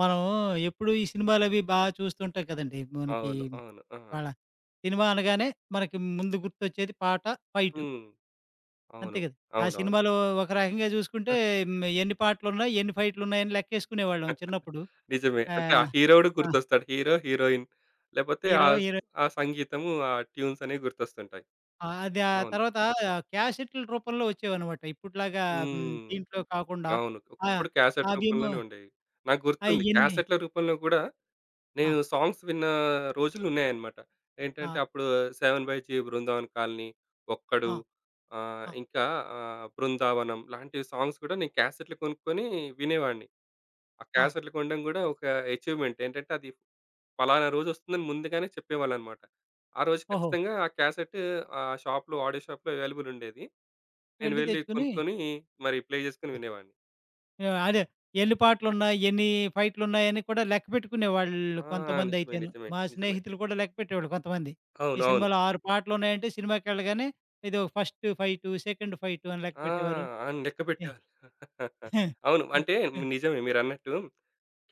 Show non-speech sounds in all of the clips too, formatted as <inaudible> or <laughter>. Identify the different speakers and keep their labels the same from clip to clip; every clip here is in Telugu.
Speaker 1: మనము ఎప్పుడు ఈ సినిమాలవి బా చూస్తుంటాం కదండీ! మనకి
Speaker 2: అవును. అవును. ఆ!
Speaker 1: ఇవాలా సినిమా అనగానే మనకి ముందు గుర్తొచ్చేది పాట, ఫైటు.
Speaker 2: హ్మ్.
Speaker 1: అంతే
Speaker 2: అవును.
Speaker 1: గ‌దా! ఆ
Speaker 2: అవునవును.
Speaker 1: సినిమాలో ఒక రకంగా చూసుకుంటే
Speaker 2: ఆ
Speaker 1: ఎన్ని హ్మ్, పాటలున్నాయి? ఎన్ని ఫైట్‌లున్నాయ‌ని లె‌క్కే‌సుకునే వాళ్ళం
Speaker 2: <chuckles>
Speaker 1: చిన్నప్పుడు.
Speaker 2: నిజమే.
Speaker 1: ఆ!
Speaker 2: అంటే ఆ‌ హీరోడు
Speaker 1: ఆ!
Speaker 2: గుర్తొస్తాడు. హీరో, హీరోయిన్ లేకపోతే
Speaker 1: హీరో.
Speaker 2: ఆహ్,
Speaker 1: హీరోయి
Speaker 2: ఆ సంగీతము ఆ ట్యూన్స్ అనేవి గుర్తొస్తుంటాయి.
Speaker 1: ఆ! అది ఆ‌
Speaker 2: అవును.
Speaker 1: తర్వాత క్యాసెట్‌ల రూపంలో వచ్చేవన్నమాట. ఇప్పట్లాగా
Speaker 2: హ్మ్.
Speaker 1: దీంట్లో కాకుండా
Speaker 2: అవును.
Speaker 1: ఆహ్,
Speaker 2: ఒకప్పుడు క్యాసెట్
Speaker 1: అవేమో
Speaker 2: రూపంలోనే ఉండేవి. నాకు గుర్తుంది.
Speaker 1: అయ్య‌న్ని
Speaker 2: క్యాసెట్‌ల రూపంలో గూడా
Speaker 1: ఆ!
Speaker 2: నేను సాంగ్స్ విన్న రోజులున్నాయన్నమాట. ఏంటంటే
Speaker 1: ఆ!
Speaker 2: అప్పుడు 'seven by G Brindavan Colony', 'Okkadu'
Speaker 1: ఆ!
Speaker 2: ఆహ్,
Speaker 1: ఆ!
Speaker 2: ఇంకా ఆహ్, 'బృందావనం' లాంటి సాంగ్స్ కూడా నేను క్యాసెట్‌లు కొనుక్కొని వినేవాడిని. ఆ
Speaker 1: ఆ!
Speaker 2: క్యాసెట్‌లు కొనడం‌ గూడా ఒక ఏ‌చీవ్‌మేం‌ట్ ఏంటంటే అది పలానా రోజొస్తుందని ముందుగానే చెప్పేవాళ్ళన్నమాట. ఆ రోజు
Speaker 1: ఓహో!
Speaker 2: ఖచ్చితంగా ఆ క్యాసెట్ ఆహ్, షాప్‌లో ఆడియో షాప్‌లో అవైలబుల్‌ ఉండేది. నేను
Speaker 1: వెళ్ళి
Speaker 2: వెళ్లి
Speaker 1: తెచ్చుకొని
Speaker 2: కొనుక్కొని‌ మరి ప్లే జేసుకొని
Speaker 1: ఆ!
Speaker 2: వినేవాడిని.
Speaker 1: అ‌దే. ఎన్ని పాటలున్నాయి? ఎన్ని ఫైట్‌లున్నాయ‌ని కూడా
Speaker 2: ఆ!
Speaker 1: లెక్కపెట్టుకునేవాళ్ళు కొంతమంది
Speaker 2: నిజమే‌.
Speaker 1: అయితేను.
Speaker 2: నిజమే.
Speaker 1: మా
Speaker 2: నిజమే.
Speaker 1: స్నేహితులు కూడా లెక్కపెట్టేవాళ్ళు కొంతమంది. ఈ
Speaker 2: అవునవును.
Speaker 1: సినిమాలో ఆరు‌పాటలున్నాయంటే సినిమాకెళ్ళగానే ఏదో ఫ‌స్ట్ ఫైటు సెకండ్ ఫైటు అని
Speaker 2: ఆ!
Speaker 1: లెక్కపెట్టేవారు.
Speaker 2: అవును.
Speaker 1: ఎ
Speaker 2: లెక్కపెట్టేవారు <chuckles> అవును. అంటే
Speaker 1: <chuckles>
Speaker 2: నిజమే. మీరన్నట్టు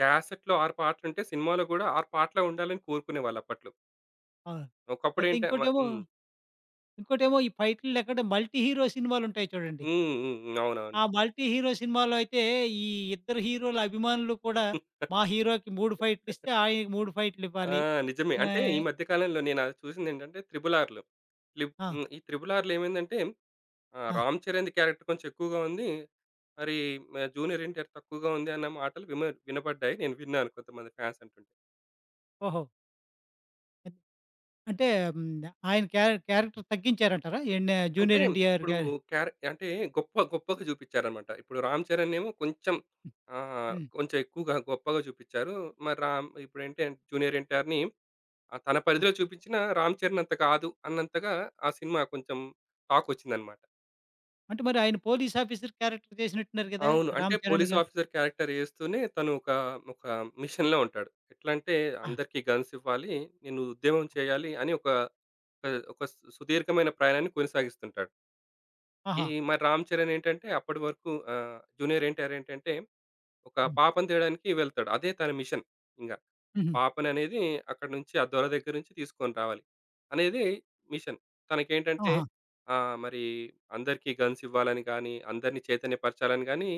Speaker 2: క్యాసెట్‌లో 6 పాటలుంటే సినిమాలో గూడా 6 పాటలే ఉండాలని కోరుకునేవాళ్ళు అప్పట్లో.
Speaker 1: ఆ!
Speaker 2: ఒకప్పుడు
Speaker 1: అయితే
Speaker 2: ఏంట మా
Speaker 1: ఇంకోటేమో,
Speaker 2: హ్మ్.
Speaker 1: ఇంకోటేమో ఈ ఫైటులు లేకుంటే మల్టీ హీరో సినిమాలుంటాయి చూడండి.
Speaker 2: హ్మ్. హ్మ్. అవునవును.
Speaker 1: ఆ మల్టీ హీరో సినిమాలో అయితే, ఈ ఇద్దరు హీరోలు అభిమానులు కూడా, మా హీరోకి 3
Speaker 2: <chuckles>
Speaker 1: ఫైటులిస్తే, ఆయనకి 3
Speaker 2: ఆ!
Speaker 1: ఫైటులివ్వాలి.
Speaker 2: నిజమే. అంటే, ఈ
Speaker 1: ఆహ్
Speaker 2: మధ్య కాలంలో నేన చూసిందేంటంటే, 'త్రి‌బుల్ఆ‌ర్‌లో.' లిప్
Speaker 1: ఆ!
Speaker 2: హ్మ్. ఈ 'త్రి‌బుల్ఆ‌ర్‌లో' ఏమైందంటే, ఆహ్
Speaker 1: ఆ!
Speaker 2: రామ్ చరణ్‌ది క్యారెక్టర్ కొంచెం ఎక్కువగా ఉంది. మరి జూనియర్ ఎన్‌టీఆర్ తక్కువగా ఉంది అన్న మాటలు విమ వినపడ్డాయి. నేను విన్నాను కొంతమంది ఫ్యాన్స్ అంటుంటే.
Speaker 1: ఓహో! ఇ అంటే హ్మ్. ఆయన క్యారె క్యారెక్టర్ తగ్గించారంటారా? ఎన్నా
Speaker 2: అంటే
Speaker 1: జూనియర్ ఎన్టీఆర్‌
Speaker 2: ఇప్పుడు,
Speaker 1: గారి
Speaker 2: క్యారె అంటే గొప్ప గొప్పగా చూపిచ్చారన్నమాట. ఇప్పుడు 'రామ్ చరణ్' నేమో కొంచెం ఆహ్,
Speaker 1: హ్మ్.
Speaker 2: కొంచెం ఎక్కువగా, గొప్పగా చూపిచ్చారు. మరి రామ్ ఇప్పుడె జూనియర్ ఎన్‌టీఆర్‌ని ఆహ్, తన
Speaker 1: ఆ!
Speaker 2: పరిధిలో చూపించినా రామ్ చరణ్ అంత కాదు అన్నంతగా, ఆ సినిమా కొంచెం టాకొచ్చిందన్నమాట.
Speaker 1: అంటే మరాయన పోలీస్ ఆఫీసర్ క్యారెక్టర్ చేసినట్టున్నారు కదా!
Speaker 2: అవును. అంటే
Speaker 1: రామ్‌చరణ్‌
Speaker 2: పోలీస్
Speaker 1: గా
Speaker 2: ఆఫీసర్ క్యారెక్టర్ చేస్తూనే, తను ఒక, ఒక మిషన్‌లో ఉంటాడు. ఎట్లంటే,
Speaker 1: ఆ!
Speaker 2: అందరికీ గన్స్ ఇవ్వాలి. నేను ఉద్యమం చేయాలి అని ఒక, ఒక సు సుదీర్ఘమైన ప్రయాణాన్ని కొనసాగిస్తుంటాడు. ఈ
Speaker 1: ఆహా!
Speaker 2: మరి 'రామ్ చరణ్' ఏంటంటే అప్పడి వరకు ఆహ్, 'జూనియర్ ఎన్టీఆర్' ఏంటంటే ఒక
Speaker 1: హ్మ్.
Speaker 2: పాపను తేడానికి వెళ్తాడు. అదే తన మిషన్ ఇంగ.
Speaker 1: హుహు.
Speaker 2: పాపననేది అక్కడినుంచి ఆ దొర దగ్గరనుంచి తీసుకొని రావాలి అనేది మిషన్. తనకేంటంటే
Speaker 1: ఆహా!
Speaker 2: ఆహ్, మరి అందరికీ గన్స్ ఇవ్వాలని గాని, అందరిని చైతన్యపరచాలని గాని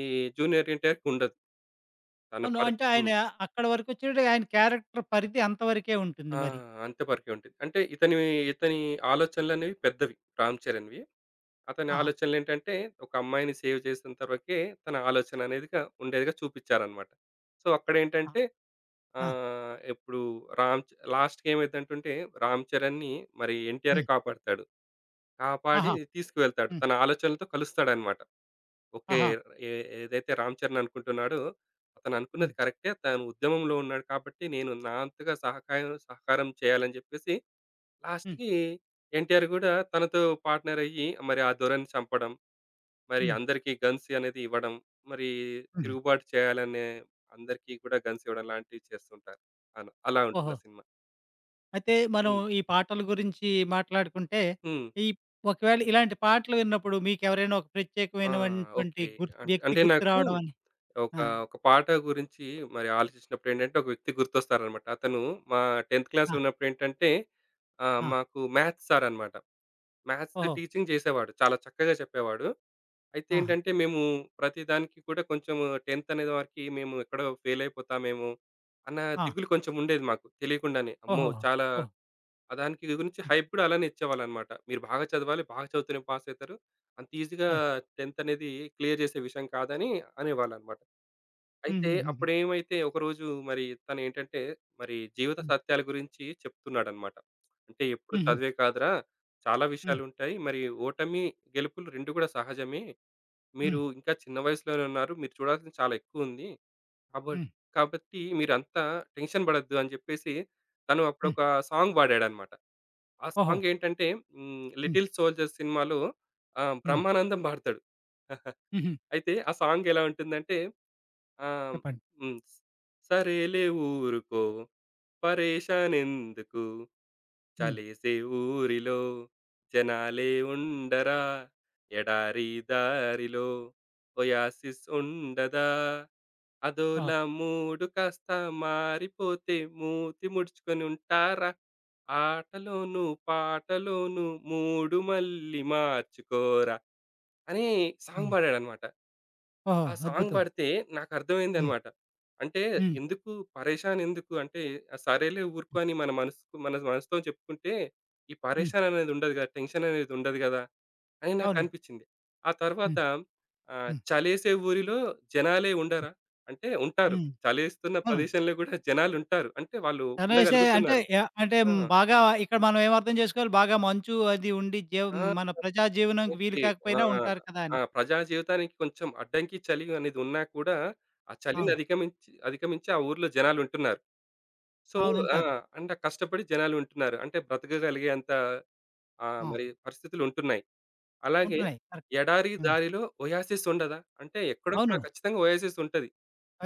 Speaker 2: ఈ 'జూనియర్ ఎన్టీఆర్‌' కి ఉండదు. తన
Speaker 1: అవును.
Speaker 2: పరి
Speaker 1: అంటే ఆయన
Speaker 2: హ్మ్.
Speaker 1: అక్కడ వరకోచ్చాడు ఆయన క్యారెక్టర్ పరిధి అంత వరకే ఉంటుంది
Speaker 2: ఆ!
Speaker 1: మరి.
Speaker 2: అంత పరకే ఉంటుంది. అంటే ఇతని ఇతని ఆలోచనలనేవి పెద్దవి 'రామ్ చరణ్‌' వి. అతని
Speaker 1: ఆహా!
Speaker 2: ఆలోచనలు ఏంటంటే ఒక అమ్మాయిని సేవ్ చేసెంతవరుకే తన ఆలోచననేది కా ఉండేదిగా చూపిచ్చారన్నమాట. సో
Speaker 1: ఆ!
Speaker 2: అక్కడేంటంటే
Speaker 1: ఆ!
Speaker 2: ఆహ్, ఎప్పుడు రామ్ చ లాస్ట్‌కేమైందంటుంటే 'రామ్ చరణ్‌' ని మరి 'ఎన్టీఆరే'
Speaker 1: హ్మ్.
Speaker 2: కాపాడతాడు. కాపాడి
Speaker 1: ఆహా!
Speaker 2: తీసుకువెళ్తాడు.
Speaker 1: హ్మ్.
Speaker 2: తన ఆలోచనలతో కలుస్తాడన్నమాట. ఓకే!
Speaker 1: ఆహా!
Speaker 2: ఎ ఏదైతే 'రామ్ చరణ్' అనుకుంటున్నాడో అతను అనుకున్నది
Speaker 1: హ్మ్.
Speaker 2: కరెక్టే తను ఉద్యమంలో ఉన్నాడు కాబట్టి నేను నా అంతగా సహకాయం సహకారం చేయాలని జెప్పేసి
Speaker 1: హ్మ్.
Speaker 2: లాస్ట్‌కి 'ఎన్టీఆర్' గూడా తనతో పార్ట్‌నర్ అయ్యి మరి ఆ దొరని చంపడం. మరి
Speaker 1: హ్మ్.
Speaker 2: అందరికీ గన్స్ యనేది ఇవ్వడం. మరి
Speaker 1: హుహు.
Speaker 2: తిరుగుబాటు చేయాలనే అందరికీ కూడా గన్స్ ఇవ్వడం లాంటివి చేస్తుంటారు. అన అలా ఉంటుంది
Speaker 1: ఓహో!
Speaker 2: ఆ సినిమా.
Speaker 1: అయితే మనం
Speaker 2: హ్మ్.
Speaker 1: ఈ పాటల గురించి మాట్లాడుకుంటే,
Speaker 2: హ్మ్.
Speaker 1: ఇప్ ఒకవేళ ఇలాంటి పాటలు విన్నప్పుడు మీకేవరైనా ఒక
Speaker 2: ఆ!
Speaker 1: ప్రత్యేకమైనటువంటి,
Speaker 2: ఓకే.
Speaker 1: గుర్త్
Speaker 2: అంట్
Speaker 1: వ్యక్తి
Speaker 2: అంటే నాకు
Speaker 1: గుర్తురావడమని
Speaker 2: ఒక
Speaker 1: ఆ!
Speaker 2: ఒక పాట గురించి మరి ఆలోచించినప్పుడేంటంటే, ఒక వ్యక్తి గుర్తొస్తారన్నమాట. అతను మా టెంథ్
Speaker 1: ఆ!
Speaker 2: క్లాస్‌లో ఉన్నప్పుడేంటంటే, ఆ
Speaker 1: ఆ!
Speaker 2: మాకు మ్యాథ్స్ సారనమాట. మ్యాథ్స్
Speaker 1: ఓహో!
Speaker 2: టీచింగ్ జేసేవాడు. చాలా చక్కగా చెప్పేవాడు.
Speaker 1: ఆహా!
Speaker 2: అయితేంటంటే, మేము ప్రతి దానికి కూడా కొంచెం 10థ్ అనే వరకి మేము ఎక్కడో ఫెయిల్ అయిపోతామేమో, అన్న
Speaker 1: ఆ!
Speaker 2: దిగులు కొంచెం ఉండేది మాకు తెలియకుండానే. అమ్మో!
Speaker 1: ఓహోహో!
Speaker 2: చాలా
Speaker 1: ఓహ్!
Speaker 2: ఆహ్, దానికి గురించి
Speaker 1: హ్మ్.
Speaker 2: హైప్ గూడా అలానే ఇచ్చేవాళ్ళన్నమాట. "మీరు బాగా చదవాలి, బాగా చదువుతూనే పాసయితారు. అంత ఈజీగా
Speaker 1: అవును.
Speaker 2: 10థ్ అనేది క్లియర్ చేసే విషయం కాదు" అని అనేవాళ్ళన్నమాట. అయితే
Speaker 1: హుహుహుహు.
Speaker 2: అప్పుడేమైదంతే ఒకరోజు మరి తనేంటంటే, మరి జీవిత
Speaker 1: హ్మ్.
Speaker 2: సత్యాల గురించి చెప్తున్నాడన్నమాట. "అంటే ఎప్పుడు
Speaker 1: హుహు.
Speaker 2: చదువే కాదురా, చాలా
Speaker 1: హ్మ్.
Speaker 2: విషయాలు ఉంటాయి. మరి ఓటమి, గెలుపులు 2 కూడా సహజమే.
Speaker 1: హ్మ్.
Speaker 2: మీరు ఇంకా చిన్న వయసులోనున్నారు. మీరు చూడాల్సింది చాలా ఎక్కువుంది. కాబ
Speaker 1: హ్మ్.
Speaker 2: కాబట్టి మీరంతా టెన్షన్ బడొద్దు" అని జెప్పేసి తను
Speaker 1: హ్మ్.
Speaker 2: అప్పుడొక సాంగ్ బడాడన్నమాట. ఆ
Speaker 1: ఓహో!
Speaker 2: సాంగ్ ఏంటంటే, హ్మ్.
Speaker 1: హ్మ్.
Speaker 2: 'లిటిల్ సోల్జర్స్' సినిమా‌లో ఆ
Speaker 1: హ్మ్.
Speaker 2: 'బ్రహ్మానందం' బాడుతాడు. <chuckles>
Speaker 1: హుహు.
Speaker 2: అయితే ఆ సాంగ్ ఎలా ఉంటుందంటే, ఆహ్,
Speaker 1: చెప్పండి.
Speaker 2: హ్మ్. సరేలే ఊరుకో, పరేషాన్ ఎందుకు?
Speaker 1: హ్మ్.
Speaker 2: చలేసే ఊరిలో, జనాలే ఉండరా? ఎడారి దారిలో, ఒయాసిస్ ఉండదా?
Speaker 1: ఆ!
Speaker 2: అదోలా మూడు కాస్త మారిపోతే మూతి ముడుచుకొనుంటారా? ఆటలోనూ, పాటలోనూ మూడు మళ్ళి మార్చుకోరా! అని సాంగ్
Speaker 1: హ్మ్.
Speaker 2: బాడాడన్నమాట.
Speaker 1: ఓహో!
Speaker 2: ఆ సాంగ్
Speaker 1: అద్భుతం.
Speaker 2: బాడితే
Speaker 1: హ్మ్.
Speaker 2: నాకర్థమైందన్నమాట. అంటే
Speaker 1: హ్మ్.
Speaker 2: ఎందుకు, పరేషాన్ ఎందుకు, అంటే సరేలే ఊరుకో
Speaker 1: హ్మ్.
Speaker 2: అని మనసుకు మన మనసుతో చెప్పుకుంటే ఈ
Speaker 1: హ్మ్.
Speaker 2: పరేషాననేది ఉండదుగా. టెన్షన్ అనేది ఉండదు గదా! అని
Speaker 1: అవునండి.
Speaker 2: నాకనిపించింది. ఆ తరువాత
Speaker 1: హ్మ్.
Speaker 2: ఆహ్,
Speaker 1: హ్మ్.
Speaker 2: చలేసే ఊరిలో జనాలే ఉండరా, అంటే ఉంటారు.
Speaker 1: హ్మ్.
Speaker 2: చలేస్తున్న
Speaker 1: అవును.
Speaker 2: ప్రదేశంలో కూడా జనాలు ఉంటారు. అంటే వాళ్ళు
Speaker 1: చలేసే అంటే
Speaker 2: ఉండగలుగుతున్నారు.
Speaker 1: యాహ్! అంటే
Speaker 2: ఆ!
Speaker 1: బాగా ఇక్కడ మనం ఏం అర్థం జేసుకోవాలి, బాగా మంచు అది ఉండి జం
Speaker 2: ఆ!
Speaker 1: మన ప్రజా జీవనానికి వీలు
Speaker 2: ఓకే. ఆ!
Speaker 1: కాకపోయినా ఉంటారు కదా అని.
Speaker 2: ఆ! ప్రజా జీవితానికి కొంచెం అడ్డంకి చలి అనేది ఉన్నా కూడా, ఆ చలిని
Speaker 1: అవును.
Speaker 2: అధికమించి అధికమించి ఆ ఊర్లో జనాలు ఉంటున్నారు. సో
Speaker 1: అవును.
Speaker 2: ఆ!
Speaker 1: ఉంటారు.
Speaker 2: అంటే కష్టపడి జనాలుంటున్నారు. అంటే బ్రతకగలిగేంత ఆహ్,
Speaker 1: ఆ!
Speaker 2: మరి పరిస్థితులు ఉంటున్నాయి. అలాగే
Speaker 1: ఉంటున్నాయి. కరెక్ట్.
Speaker 2: ఎడారి
Speaker 1: హ్మ్.
Speaker 2: దారిలో ఒయాసిస్ ఉండదా? అంటే ఎక్కడో అక్కడ
Speaker 1: అవును.
Speaker 2: ఖచ్చితంగా ఒయాసిస్ ఉంటది.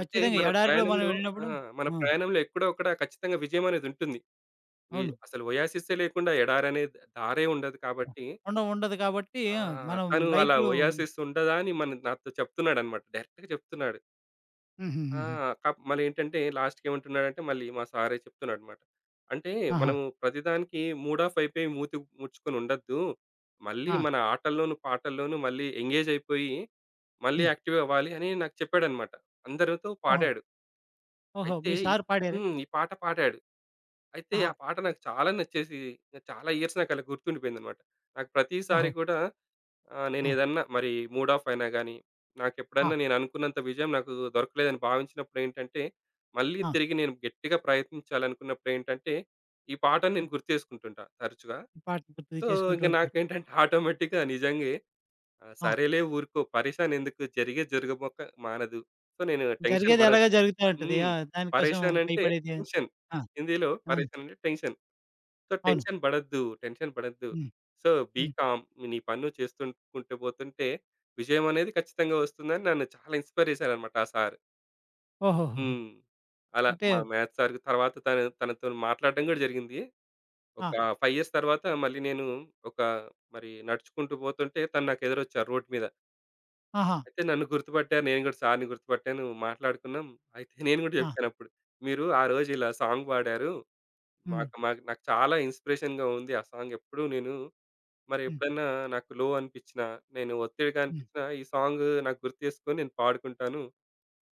Speaker 2: అంటే మన
Speaker 1: ఎడారిలో మనం
Speaker 2: ప్రయాణంలో ఆ!
Speaker 1: ఏళ్ళినప్పుడు
Speaker 2: మన
Speaker 1: ఆ!
Speaker 2: ప్రయాణంలో ఎక్కడో ఒక్కడ ఖచ్చితంగా విజయమనేది ఉంటుంది. వి
Speaker 1: అవును.
Speaker 2: అసలు ఒయాసిసే లేకుండా ఎడారనే దారే ఉండదు కాబట్టి
Speaker 1: ఉండవు ఉండదు కాబట్టి
Speaker 2: ఆ!
Speaker 1: ఆ! మనం
Speaker 2: తను అలా
Speaker 1: లైఫ్‌లో
Speaker 2: ఒయాసిస్ ఉండదా అని, మన నాతో చెప్తున్నాడన్నమాట. డైరెక్ట్‌గా చెప్తున్నాడు. ఆ!
Speaker 1: హుహుహుహు.
Speaker 2: కప్ మళ్లేంటంటే లాస్ట్‌కి ఏమంటున్నాడంటే, మళ్ళీ మా సారే చెప్తున్నాడన్నమాట. అంటే
Speaker 1: ఆహా!
Speaker 2: మనము ప్రతిదానికి మూడ్ ఆఫ్ అయిపోయి మూతి ముడుచుకొని ఉండొద్దు. మళ్ళీ
Speaker 1: ఆ!
Speaker 2: మన ఆటల్లోనూ, పాటల్లోనూ మళ్ళీ ఎంగేజ్ అయిపోయి, మళ్ళీ
Speaker 1: హ్మ్.
Speaker 2: యాక్టివ్ అవ్వాలి అని నాకు చెప్పాడన్నమాట. అందరితో
Speaker 1: ఓహో!
Speaker 2: పాడాడు.
Speaker 1: ఓహో!
Speaker 2: అయితే,
Speaker 1: మీ
Speaker 2: ఇ
Speaker 1: సార్ పాడార?
Speaker 2: హ్మ్. ఈ పాట పాడాడు. అయితే,
Speaker 1: ఆహా!
Speaker 2: ఆ పాట నాకు చాలా నచ్చేసి, ఇక చాలా ఇయర్స్ నాకు అలా గుర్తుండిపోయిందన్నమాట. నాకు ప్రతిసారి
Speaker 1: ఓహో!
Speaker 2: గూడా, ఆహ్,
Speaker 1: ఆ!
Speaker 2: నేనేదన్నా మరి మూడ్ ఆఫ్ అయినాగాని,
Speaker 1: ఆ!
Speaker 2: నాకెప్పుడన్నా నేననుకున్నంత విజయం నాకు దొరకలేదని భావించినప్పుడేంటంటే, మళ్ళీ
Speaker 1: ఆ!
Speaker 2: తిరిగి నేను గెట్టిగా ప్రయత్నించాలనుకున్నప్పుడేంటంటే, ఈ పాటను
Speaker 1: ఇప్
Speaker 2: నేను గుర్తు చేసుకుంటుంటా తరచుగా.
Speaker 1: ఈ పాట గుర్తుకు
Speaker 2: సో,
Speaker 1: చేసుకుంటూ
Speaker 2: ఇంగ
Speaker 1: ఉంటారు.
Speaker 2: నాకేంటంటే ఆటోమేటిక్‌గా నిజంగే. ఆహ్,
Speaker 1: ఆ!
Speaker 2: సరేలే ఊరుకో పరేషాన్ ఎందుకు? జరిగేది జరగబోక మానదు. సో, నేను టెన్షన్
Speaker 1: జరిగేదెలాగో
Speaker 2: పడొద్దు.
Speaker 1: జరుగుతా ఉంటది.
Speaker 2: హ్మ్.
Speaker 1: ఆ! దానికోసం
Speaker 2: పరేషాన్ అంటే
Speaker 1: భయపడేది
Speaker 2: టెన్షన్.
Speaker 1: ఆ!
Speaker 2: హిందీలో
Speaker 1: అన్
Speaker 2: పరేషాన్ అంటే టెన్షన్. సో,
Speaker 1: అవును.
Speaker 2: టెన్షన్ బడద్దు, టెన్షన్ బడద్దు.
Speaker 1: హ్మ్.
Speaker 2: సో, బీ
Speaker 1: హ్మ్.
Speaker 2: కామ్ నీ పని నువు చేస్తు కుంటూ పోతుంటే, విజయం అనేది ఖచ్చితంగా ఒస్తుందని నన్ను చాలా ఇన్స్‌పైర్ చేసారన్నమాట ఆ సారు.
Speaker 1: ఓహోహోహో!
Speaker 2: హ్మ్. అలా
Speaker 1: అంటే
Speaker 2: మా మ్యాథ్స్ సార్‌‌‌‌‌కు తరువాత తను తనతో మాట్లాడడం గూడా జరిగింది. ఒక
Speaker 1: ఆ!
Speaker 2: 5 ఇయర్స్ తరువాత మళ్ళీ నేను ఒక మరి నడుచుకుంటూ పోతుంటే తను నాకు ఎదురొచ్చారు రోడ్ మీద.
Speaker 1: ఆహా!
Speaker 2: అయితే నన్ను గుర్తుపట్టారు. నేను గూడా సార్‌‌‌‌‌ని గుర్తుపట్టాను. మాట్లాడుకున్నాం. అయితే <giggles> నేను గూడా
Speaker 1: ఆ!
Speaker 2: జెప్పానప్పుడు. "మీరు ఆరోజిలా సాంగ్ పాడారు.
Speaker 1: హ్మ్.
Speaker 2: మాక్ మాకు నాకు చాలా ఇన్‌స్పిరేషన్‌గా ఉంది. ఆ సాంగెప్పుడూ నేను, మరి
Speaker 1: హ్మ్.
Speaker 2: ఎప్పుడన్నా నాకు లో అనిపిచ్చినా, నేను ఒత్తిడిగా
Speaker 1: హ్మ్.
Speaker 2: అనిపిచ్చినా ఈ సాంగు నాకు గుర్తు చేసుకొని, నేను పాడుకుంటాను.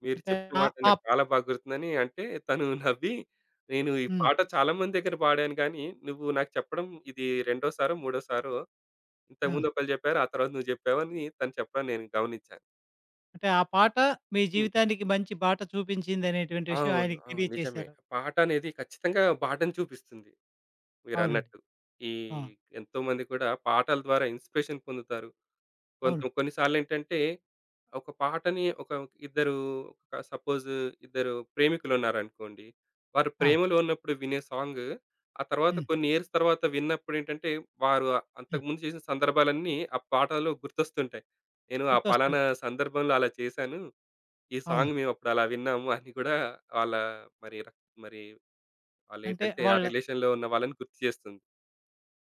Speaker 2: మీరు
Speaker 1: అంటే
Speaker 2: చెప్పిన
Speaker 1: ఆ!
Speaker 2: మాట నాకు
Speaker 1: ఆప్
Speaker 2: చాలా బా గుర్తుంది." అని అంటే, తను నవ్వి, "నేను ఈ
Speaker 1: హ్మ్.
Speaker 2: పాట చాలా మంది దగ్గర పాడాను గానీ, నువ్వు నాకు చెప్పడం ఇది రెండోసారో, మూడోసారో
Speaker 1: ఆ!
Speaker 2: ఇంతకుముందు ఒకళ్ళు జెప్పారు. ఆ తరువాత నువ్వు జెప్పావు" అని తను చెప్పడం నేను గమనిచ్చాను.
Speaker 1: అంటే, ఆ పాట మీ
Speaker 2: హ్మ్.
Speaker 1: జీవితానికి మంచి బాట చూపించిందనేటువంటి విషయం
Speaker 2: అవును.
Speaker 1: ఆయనకి
Speaker 2: అవును. నిజమే.
Speaker 1: తెలియచేశారు.
Speaker 2: పాటనేది ఖచ్చితంగా బాటను చూపిస్తుంది
Speaker 1: అవునండి.
Speaker 2: మీరన్నట్టు. ఈ
Speaker 1: ఆ!
Speaker 2: ఎంతోమంది కూడా పాటల ద్వారా ఇన్‌స్పిరేషన్ పొందుతారు. కొంత
Speaker 1: అవును.
Speaker 2: కొన్నిసార్లేంటంటే ఒక పాటని ఒక ఇద్దరు ఒక సపోజ్ ఇద్దరు ప్రేమికులున్నారనుకోండి. వారు
Speaker 1: ఆ!
Speaker 2: ప్రేమలో ఉన్నప్పుడు వినే సాంగు, ఆ తరువాత
Speaker 1: హ్మ్.
Speaker 2: కొన్ని ఇయర్స్ తరువాత విన్నప్పుడేంటంటే, వారు
Speaker 1: హ్మ్.
Speaker 2: అంతకుముందు చేసిన సందర్భాలన్నీ ఆ పాటలో గుర్తొస్తుంటాయి. నేను ఆ
Speaker 1: గుర్తొస్తుంది.
Speaker 2: పలానా సందర్భంలో అలా చేశాను. ఈ
Speaker 1: అవును.
Speaker 2: సాంగ్ మేమప్పుడలా విన్నాము అని గూడా వాళ్ళ మరి ర మరి
Speaker 1: అంటే
Speaker 2: వాళ్ళేంటంటే, ఆ
Speaker 1: వాళ్ళ
Speaker 2: రిలేషన్‌లో ఉన్న వాళ్ళని గుర్తుచేస్తుంది.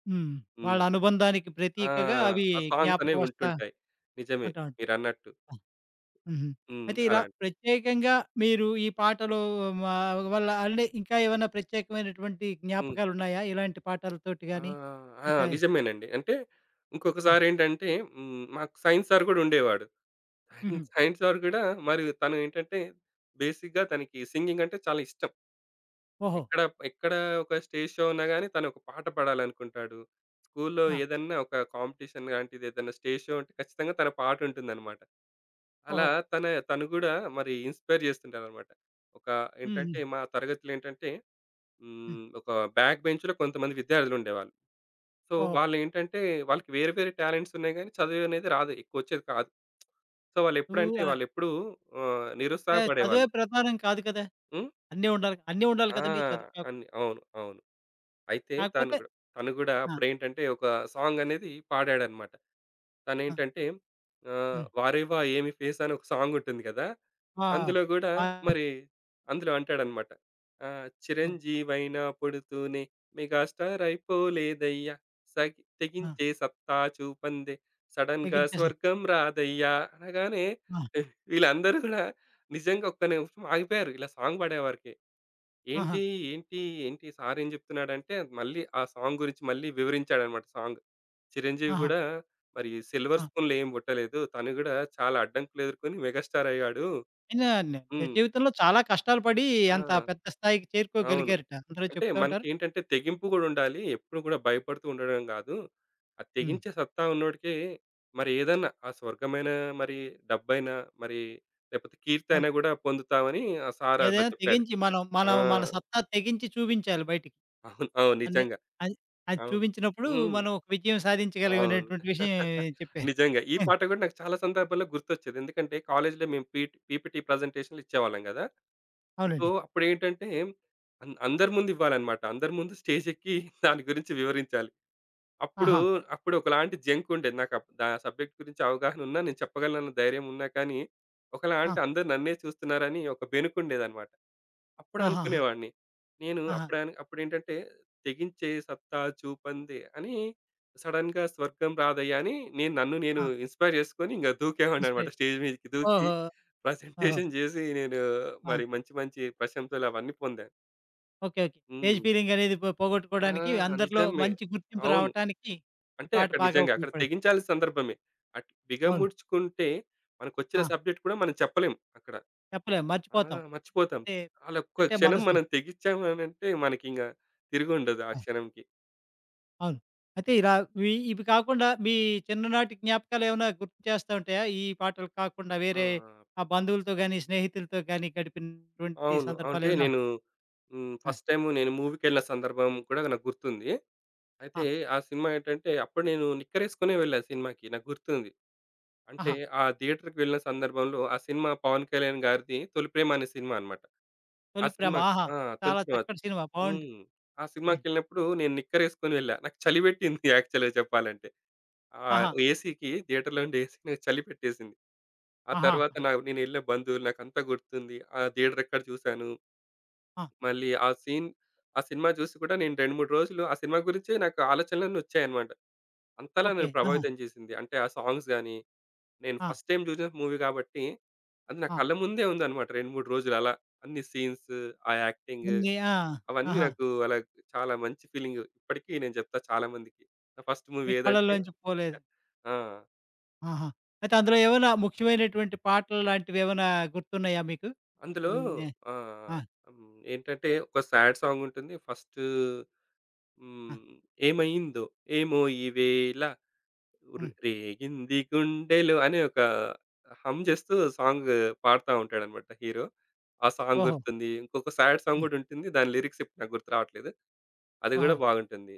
Speaker 1: హ్మ్. వాళ్ళ
Speaker 2: హ్మ్.
Speaker 1: అనుబంధానికి
Speaker 2: ఆ!
Speaker 1: ప్రతీకగా అవి
Speaker 2: ఆ సాంగ్స్ అనేవి
Speaker 1: జ్ఞాపకమోస్తా
Speaker 2: ఉంటుంటాయి. నిజమే
Speaker 1: ఉంటా
Speaker 2: మీరన్నట్టు.
Speaker 1: ఆ! హుహు.
Speaker 2: హ్మ్.
Speaker 1: అయితే ఇలా
Speaker 2: అలాం
Speaker 1: ప్రత్యేకంగా మీరు ఈ పాటలు ఆహ్, వల్ల అంటే ఇంకా ఏమైనా ప్రత్యేకమైనటువంటి
Speaker 2: హ్మ్.
Speaker 1: జ్ఞాపకాలున్నాయా? ఇలాంటి
Speaker 2: ఆ!
Speaker 1: పాటలతోటి‌గాని
Speaker 2: ఆ!
Speaker 1: మిగతా
Speaker 2: నిజమేనండి. అంటే
Speaker 1: హ్మ్.
Speaker 2: ఇంకొకసారేంటంటే, హ్మ్. మాకు సైన్స్ సార్ కూడా ఉండేవాడు. <chuckles>
Speaker 1: హుహు.
Speaker 2: సైన్స్ సార్ కూడా, మరి తను ఏంటంటే, బేసిక్‌గా తనకి సింగింగ్ అంటే చాలా ఇష్టం.
Speaker 1: ఓహో!
Speaker 2: ఎక్కడ, ఎక్కడ ఒక స్టేజ్‌షో ఉన్నా‌గాని, తను ఒక పాట పాడాలనుకుంటాడు. స్కూలులో
Speaker 1: ఆ!
Speaker 2: ఏదన్నా ఒక కాంపిటీషన్ లాంటిది ఏదైనా స్టేజ్‌షో ఉంటే, ఖచ్చితంగా తన పాటుంటుందన్నమాట. అలా
Speaker 1: ఓహో!
Speaker 2: తన తను గూడా మరి ఇన్‌స్పైర్ చేస్తుంటాడన్నమాట. ఒక
Speaker 1: హ్మ్.
Speaker 2: ఏంటంటే,
Speaker 1: హ్మ్.
Speaker 2: మా తరగతిలో ఏంటంటే,
Speaker 1: హ్మ్.
Speaker 2: హ్మ్. ఒక బ్యాక్ బెంచ్‌లో కొంతమంది విద్యార్థులుండేవాళ్ళు. సో,
Speaker 1: ఓహ్!
Speaker 2: వాళ్ళు ఏంటంటే, వాళ్ళకి వేరే వేరే టాలెంట్స్ ఉన్నాయి‌గాని చదువు అనేది రాదు. ఎక్కువచ్చేది కాదు. సో, వాళ్ళు
Speaker 1: ఉ
Speaker 2: ఎప్పుడంటే,
Speaker 1: ఆ!
Speaker 2: వాళ్ళు ఎప్పుడూ ఆహ్,
Speaker 1: అంటే చదువే
Speaker 2: నిరుత్సాహపడేవాళ్ళు.
Speaker 1: ప్రధానం‌ కాదు కదా!
Speaker 2: హ్మ్.
Speaker 1: అన్నీ ఉండాలి, అన్ని ఉండాలి
Speaker 2: ఆ!
Speaker 1: కదండీ. చదువు‌ కా
Speaker 2: అన్ని అవును. అవును. అయితే తను
Speaker 1: కాకపోతే
Speaker 2: గూడ తను గూడా
Speaker 1: ఆ!
Speaker 2: అప్పుడేంటంటే, ఒక సాంగ్ అనేది పాడాడన్నమాట.
Speaker 1: ఆ!
Speaker 2: తనేంటంటే, ఆహ్,
Speaker 1: హ్మ్.
Speaker 2: 'వారేవా ఏమి ఫేసు' అని ఒక సాంగ్ ఉంటుంది‌ గదా,
Speaker 1: ఆ!
Speaker 2: అందులో గూడా
Speaker 1: ఆ! ఆ!
Speaker 2: మరి అందులో అంటాడన్నమాట. ఆహ్,
Speaker 1: హ్మ్.
Speaker 2: చిరంజీవైన పుడుతూనే మెగా‌స్టార్ అయిపోలేదయ్యా సగి
Speaker 1: ఆ!
Speaker 2: తెగించే సత్తా చూపందే సడెన్‌గా
Speaker 1: తెగించే స
Speaker 2: స్వర్గం రాదయ్యా అనగానే
Speaker 1: ఆ!
Speaker 2: <chuckles> వీళ్ళందరూ గూడా నిజంగా ఒక్క నిమిషం ఆగిపోయారు ఇలా సాంగ్ పాడేవరికి.
Speaker 1: ఆహా!
Speaker 2: ఏంటి, ఏంటి, ఏంటి, సారు ఏం‌ జెప్తున్నాడంటే, మళ్ళీ ఆ సాంగ్ గురించి మళ్ళీ వివరించాడన్నమాట సాంగ్ 'చిరంజీవి‌'
Speaker 1: ఆహా!
Speaker 2: గూడా మరి సిల్వర్
Speaker 1: ఆ!
Speaker 2: స్పూన్‌లో ఏమి‌పుట్టలేదు. తను గూడా చాలా అడ్డంకులెదుర్కొని మెగాస్టార్ అయ్యాడు.
Speaker 1: <unintelligible>
Speaker 2: హ్మ్.
Speaker 1: నిజజీవితంలో చాలా కష్టాలు‌పడి
Speaker 2: ఆ!
Speaker 1: అంత పెద్ద స్థాయికి
Speaker 2: అవును.
Speaker 1: చేరుకోగలిగారట. అందరూ
Speaker 2: అంటే
Speaker 1: చెప్తా ఉంటారు.
Speaker 2: మనకేంటంటే, తెగింపు‌ గూడుండాలి. ఎప్పుడూ గూడా భయపడుతుండడం‌ గాదు. ఆ
Speaker 1: హ్మ్.
Speaker 2: తెగించే సత్తా ఉన్నోడికె, మరేదన్నా ఆ స్వర్గమైన మరి, డబ్బైనా, మరి లేకపోతే కీర్తి
Speaker 1: అవును.
Speaker 2: అయినా గూడా పొందుతామని ఆ సారు అలా‌
Speaker 1: ఏదైనా
Speaker 2: చెప్పాడు.
Speaker 1: తెగించి మనం
Speaker 2: ఆ!
Speaker 1: మనం మన సత్తా తెగించి చూపించాలి బయటికి.
Speaker 2: <chuckles> అవునవును.
Speaker 1: అన్నీ
Speaker 2: నిజంగా!
Speaker 1: అద్ అది
Speaker 2: అవును.
Speaker 1: చూపించినప్పుడు
Speaker 2: హ్మ్.
Speaker 1: మనం ఒక విజయం సాధించగలిగం
Speaker 2: అవును.
Speaker 1: అనేటటువంటి విషయం
Speaker 2: <chuckles>
Speaker 1: చెప్పారు.
Speaker 2: నిజంగా! ఈ
Speaker 1: హ్మ్.
Speaker 2: పాట గూడా నాకు చాలా సందర్భాల్లో గుర్తొచ్చేది. ఎందుకంటే, కాలేజ్‌లో మేము పి పీపీటీ ప్రజెంటేషన్‌లు ఇచ్చేవాళ్ళం గదా! సో,
Speaker 1: అవునండి.
Speaker 2: అప్పుడేంటంటే అంద్ అందరి ముందు ఇవ్వాలనమాట. అందరి ముందు స్టేజెక్కి <chuckles> దాని గురించి వివరించాలి. అప్పుడు,
Speaker 1: ఆహా!
Speaker 2: అప్పుడు ఒకలాంటి జంకు ఉండేది. నాకు అప్ ఆ సబ్జెక్ట్ గురించి అవగాహన ఉన్న, నేను చెప్పగలను అని ధైర్యం ఉన్నా‌ కానీ ఒకలాంటి
Speaker 1: ఆ!
Speaker 2: అందరూ నన్నే చూస్తున్నారని, ఒక బెనుకుండేదన్నమాట.
Speaker 1: ఆహాహా!
Speaker 2: అప్పుడునుకునేవాడిని. నేను
Speaker 1: ఆహా!
Speaker 2: అప్పుడని అప్పుడేంటంటే 'తెగించే సత్తా చూపందే అని సడెన్‌గా స్వర్గం రాదయ్యా' అని నేను నన్ను నేను
Speaker 1: ఆ!
Speaker 2: ఇన్‌స్పైర్ జేసుకొని, ఇంగ దూకేవాడినన్నమాట.
Speaker 1: ఇన్‌స్పైర్
Speaker 2: స్టేజ్ మీదకి
Speaker 1: ఓహో!
Speaker 2: దూకి
Speaker 1: ఓహో!
Speaker 2: <chuckles> ప్రజెంటేషన్ చేసి నేను
Speaker 1: ఆ!
Speaker 2: మరి మంచి మంచి ప్రశంసలు అవన్నీ పొందా.
Speaker 1: ఓకే. ఓకే. స్టేజ్
Speaker 2: హ్మ్.
Speaker 1: ఫియరింగ్ అనేది పో
Speaker 2: ఆ!
Speaker 1: పోగొట్టుకోవడానికి, అందరిలో
Speaker 2: నిజమే
Speaker 1: మంచి గుర్తింపు
Speaker 2: అవును.
Speaker 1: రావటానికి, ఈ
Speaker 2: అంటే
Speaker 1: పాట
Speaker 2: అక్కడ
Speaker 1: బాగా
Speaker 2: నిజంగా అక్కడ
Speaker 1: ఉపయోగపడింది.
Speaker 2: తెగించాల్సిన సందర్భమే అట్
Speaker 1: అవును.
Speaker 2: బిగముడ్చుకుంటే మనకొచ్చిన
Speaker 1: ఆ!
Speaker 2: సబ్జెక్ట్ కూడా మనం చెప్పలేం అక్కడ.
Speaker 1: చెప్పలేం
Speaker 2: ఆ!
Speaker 1: మర్చిపోతాం.
Speaker 2: మర్చిపోతాం.
Speaker 1: అంటే,
Speaker 2: ఆల్ ఒక్క
Speaker 1: అంటే మన
Speaker 2: క్షణం
Speaker 1: స
Speaker 2: మనం తెగిచ్చామనంటే మనకింగ తిరిగుండదు ఆ
Speaker 1: ఆ!
Speaker 2: క్షణంకి.
Speaker 1: అవును. అయితే ఇలా ఇవి, ఇవి కాకుండా మీ చిన్ననాటి జ్ఞాపకాలు ఏమైనా గుర్తు చేస్తా ఉంటాయా? ఈ పాటలు కాకుండా
Speaker 2: ఆ!
Speaker 1: వేరే
Speaker 2: ఆ!
Speaker 1: ఆహ్, బంధువులతో గాని, స్నేహితులతో గాని గడిపినటువంటి
Speaker 2: అవును.
Speaker 1: సందర్భాలు
Speaker 2: అంటే
Speaker 1: ఏమైనా?
Speaker 2: నేను హ్మ్.
Speaker 1: ఆ!
Speaker 2: ఫస్ట్ టైమ్ నేను మూవీ‌కి వెళ్ళిన సందర్భం కూడా నాకు గుర్తుంది. అయితే
Speaker 1: ఆ!
Speaker 2: ఆ సినిమా ఏంటంటే అప్పుడు నేను నిక్కరేసుకొనే వెళ్ళా సినిమాకి నాకు గుర్తుంది. అంటే
Speaker 1: ఆహా!
Speaker 2: ఆ థియేటర్‌కి వెళ్ళిన సందర్భంలో ఆ సినిమా 'పవన్ కళ్యాణ్' గారిది 'తొలిప్రేమ' అనే సినిమా అన్నమాట. ఆ
Speaker 1: 'తొలిప్రేమ'
Speaker 2: సినిమా‌కి
Speaker 1: ఆహా!
Speaker 2: ఆ!
Speaker 1: చాలా
Speaker 2: 'తొలిప్రేమ'
Speaker 1: చక్కటి సినిమా బావుంటుంది.
Speaker 2: హ్మ్. ఆ
Speaker 1: హ్మ్.
Speaker 2: సినిమా‌కెళ్ళినప్పుడు నేను నిక్కర్ వేసుకొని వెళ్ళా. నాకు చలి పెట్టింది <chuckles> యాక్చువల్‌గా చెప్పాలంటే. ఆ!
Speaker 1: ఆహా!
Speaker 2: ఏసీ‌కి థియేటర్‌లో ఉండే ఏసీ చలి పెట్టేసింది. ఆ
Speaker 1: ఆహా!
Speaker 2: తర్వాత నా నేను ఎళ్ళే బంధువులు నాకంతా గుర్తుంది. ఆ థియేటర్ ఎక్కడ చూసాను...
Speaker 1: ఆ!
Speaker 2: మళ్ళీ ఆ సీన్ ఆ సినిమా జూసి కూడా నేను 2, 3 రోజులు ఆ సినిమా గురించే నాకు ఆలోచనలన్నీ వచ్చాయన్నమాట. అంతలా
Speaker 1: ఓకే.
Speaker 2: నన్ను
Speaker 1: ఆహా!
Speaker 2: ప్రభావితం చేసింది. అంటే ఆ సాంగ్స్ గాని, నేను
Speaker 1: ఆ!
Speaker 2: ఫస్ట్ టైమ్ చూసిన మూవీ కాబట్టి, అది నా
Speaker 1: ఆ!
Speaker 2: కళ్ళ ముందే ఉందన్నమాట 2, 3 రోజులు అలా అన్ని సీన్స్, ఆ యాక్టింగ్,
Speaker 1: <unintelligible> ఆ!
Speaker 2: అవన్నీ
Speaker 1: ఆహా!
Speaker 2: నాకు అలా చాలా మంచి ఫీలింగ్ ఇప్పటికి నేను చెప్తా చాలా మందికి. నా ఫస్ట్
Speaker 1: మీ
Speaker 2: మూవీ ఏదంటే
Speaker 1: కళ్ళల్లోంచి పోలేదు.
Speaker 2: ఆ!
Speaker 1: ఆహా! అయితే అందులో ఏమైనా ముఖ్యమైనటువంటి పాటలలాంటివి ఏమైనా గుర్తున్నాయా మీకు?
Speaker 2: అందులో
Speaker 1: హ్మ్. ఆహ్,
Speaker 2: ఆహ్,
Speaker 1: ఆ!
Speaker 2: ఏంటంటే, ఒక స్యాడ్ సాంగ్ ఉంటుంది ఫస్టు
Speaker 1: ఆ!
Speaker 2: హ్మ్, 'ఏమైందో ఏమో ఈవేళ. రె
Speaker 1: హ్మ్.
Speaker 2: రేగింది గుండెలో,' అని ఒక హమ్ చేస్తూ సాంగ్ పాడతా ఉంటాడనమాట హీరో. ఆ సాంగ్
Speaker 1: ఓహో!
Speaker 2: గుర్తుంది. ఇంకొక స్యాడ్ సాంగ్
Speaker 1: హ్మ్.
Speaker 2: కూడా ఉంటుంది. దాని లిరిక్స్ ఇప్పుడు నాకు గుర్తు రావట్లేదు. అది కూడా
Speaker 1: ఓహో!
Speaker 2: బాగుంటుంది.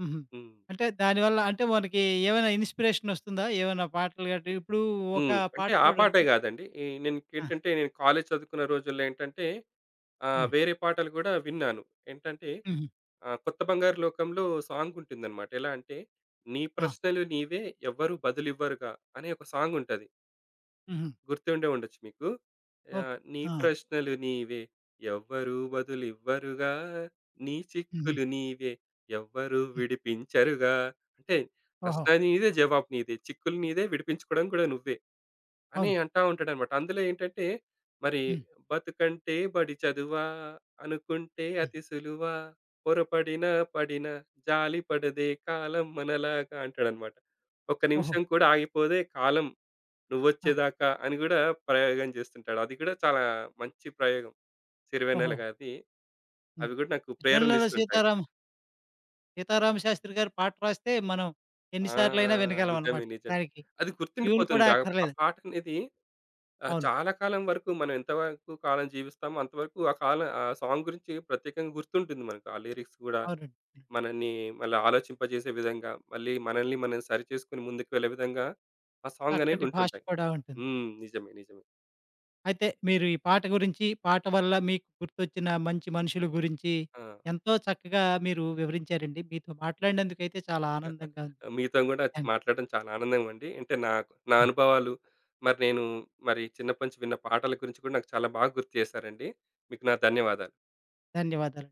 Speaker 1: హుహు.
Speaker 2: హ్మ్.
Speaker 1: అంటే దాని వల్ల అంటే మనకి ఏమైనా ఇన్‌స్పిరేషన్ వస్తుందా? ఏమైనా పాటలు గట్టి ఇప్పుడు ఒక
Speaker 2: హ్మ్. అంటే
Speaker 1: పాట
Speaker 2: ఆ పాటే
Speaker 1: చూడండి
Speaker 2: గాదండి. ఎ నే
Speaker 1: ఆ!
Speaker 2: ఇంకేంటంటే, కాలేజ్ చదువుకున్న రోజుల్లో ఏంటంటే, ఆహ్,
Speaker 1: హ్మ్.
Speaker 2: వేరే పాటలు కూడా విన్నాను. ఏంటంటే,
Speaker 1: హుహు
Speaker 2: ఆ! 'కొత్త బంగారు లోకంలో' సాంగుంటుందనమాట. ఎలా అంటే, 'నీ
Speaker 1: ఆ!
Speaker 2: ప్రశ్నలు నీవే ఎవ్వరు బదులు ఇవ్వరుగా.' అనే ఒక సాంగుంటది.
Speaker 1: హుహు.
Speaker 2: గుర్తుండే ఉండొచ్చు మీకు.
Speaker 1: ఓక్
Speaker 2: ఆహ్, నీ
Speaker 1: ఆ!
Speaker 2: ప్రశ్నలు నీవే ఎవ్వరూ బదులు ఇవ్వరుగా, నీ
Speaker 1: హుహు.
Speaker 2: చిక్కులు నీవే ఎవ్వరూ
Speaker 1: హ్మ్.
Speaker 2: విడిపించరుగా. అంటే
Speaker 1: ఓహో!
Speaker 2: ప్రశ్న నీదే జవాబు నీదే. చిక్కులు నీదే విడిపించుకోవడం కూడా నువ్వే. అని
Speaker 1: అవును.
Speaker 2: అంటా ఉంటాడన్నమాట. అందులో ఏంటంటే మరి,
Speaker 1: హ్మ్.
Speaker 2: బతుకంటే బడి చదువా? అనుకుంటే
Speaker 1: హ్మ్.
Speaker 2: అతి సులువ పొరపడినా పడినా జాలి పడదే కాలం మనలాగా అంటాడన్నమాట. ఒక్క
Speaker 1: ఓహో!
Speaker 2: నిమిషం కూడా ఆగిపోదే కాలం.
Speaker 1: ఆ!
Speaker 2: నువ్వొచ్చేదాకా అని గూడా ప్రయోగం జేస్తుంటాడు. అది కూడా చాలా మంచి ప్రయోగం.
Speaker 1: ఓహో!
Speaker 2: సిరివెన్నెలగారిది.
Speaker 1: హ్మ్.
Speaker 2: అవి కూడా నాకు
Speaker 1: సిరి వెన్నెల
Speaker 2: ప్రేరణిస్తుంటాయి.
Speaker 1: సీతారాం సీతారామ శాస్త్రి గారు పాట రాస్తే మనం ఎన్ని
Speaker 2: ఆ!
Speaker 1: సార్లయినా
Speaker 2: నిజమే.
Speaker 1: వినగలమనమాట.
Speaker 2: నిజమే.
Speaker 1: దానికి
Speaker 2: అది
Speaker 1: ట్యూన్ కూడా
Speaker 2: గుర్తుండిపోతుంది. ఆహ్, ఆ
Speaker 1: అక్కర్లేదు.
Speaker 2: పాట అనేది ఆహ్,
Speaker 1: అవును.
Speaker 2: చాలా కాలం వరకు మనం ఎంతవరకు కాలం జీవిస్తామో అంతవరకు ఆ కాలం ఆ సాంగ్ గురించి ప్రత్యేకంగా గుర్తుంటుంది మనకు. ఆ లిరిక్స్ గూడా
Speaker 1: అవునండి. హ్మ్.
Speaker 2: మనని మళ్ళీ ఆలోచింపజేసే విధంగా మళ్ళీ మనల్ని మనం సరిచేసుకొని ముందుకు వెళ్ళే విధంగా, ఆ సాంగనేవి
Speaker 1: చక్కటి భాష
Speaker 2: ఉంటుంటాయి.
Speaker 1: కూడా ఉంటుంది.
Speaker 2: హ్మ్. నిజమే. నిజమే.
Speaker 1: అయితే మీరు ఈ పాట గురించి, పాట వల్ల మీకు గుర్తొచ్చిన మంచి మనుషుల గురించి,
Speaker 2: ఆ!
Speaker 1: ఎంతో చక్కగా మీరు వివరించారండి. మీతో మాట్లాడినందుకు అయితే చాలా ఆనందంగా
Speaker 2: <chuckles>
Speaker 1: ఉంది.
Speaker 2: మీతోని గూడా నాకు
Speaker 1: థ్యాన్
Speaker 2: మాట్లాడడం చాలా ఆనందం అండి. అంటే నా, నా
Speaker 1: హ్మ్.
Speaker 2: అనుభవాలు, మరి నేను మరి చిన్నప్పటి నుంచి విన్న పాటల గురించి కూడా నాకు చాలా బాగా గుర్తు జేశారండి. మీకు నా ధన్యవాదాలు.
Speaker 1: ధన్యవాదాలు.